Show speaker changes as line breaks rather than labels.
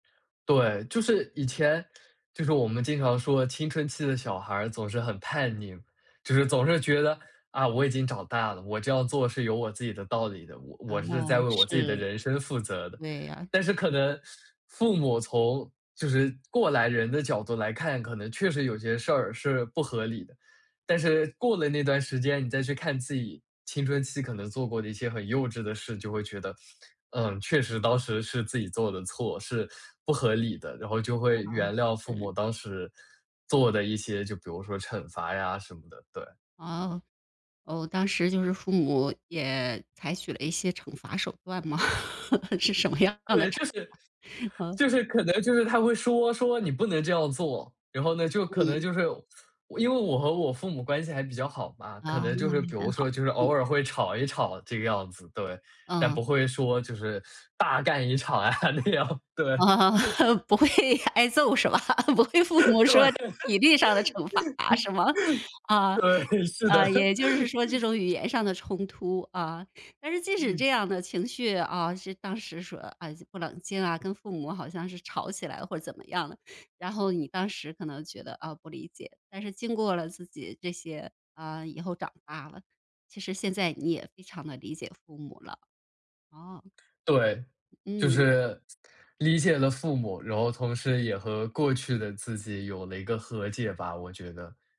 对，就是以前就是我们经常说，青春期的小孩儿总是很叛逆，就是总是觉得，啊，我已经长大了，我这样做是有我自己的道理的，我我
嗯，
是在为我自己
是。
的人生负责的。
对呀。
但是可
嗯。
能父母从就是过来人的角度来看，可能确实有些事儿是不合理。但是过了那段时间，你再去看自己青春期可能做过的一些很幼稚的事，就会觉得，嗯，确实当时是自己做的错，是不合理的，然后就会原谅父
嗯，
母
是。
当时做的一些就比如说惩罚呀什么的。对。
哦。哦，当时就是父母也采取了一些惩罚手段吗，是什么样的
对，
惩
就是
罚？嗯。
就是可能就是他会说说你不能这样做，然后呢，就可能
嗯。
就是我因为我和我父母关系还比较好嘛，可
啊，
能
那
就
还
是比
很
如说
好，
就是
嗯。
偶尔会吵一吵这个样子，对。但
嗯。
不会说就是大干一场啊那样，对。
啊，不会挨揍是吧？不会父 母
对。
说体力上的惩罚是吗？啊，
对，是的。
啊，也就是说这 种语言上的冲突啊。但是即使这 样的情绪，啊，是当时说，啊，不冷静啊，跟父母好像是吵起来或怎么样的，然后你当时可能觉得，啊，不理解，但是经过了自己这些啊，以后长大了，其实现在你也非常地理解父母了。哦。
对，就
嗯。
是理解了父母，然后同时也和过去的自己有了一个和解吧，我觉得。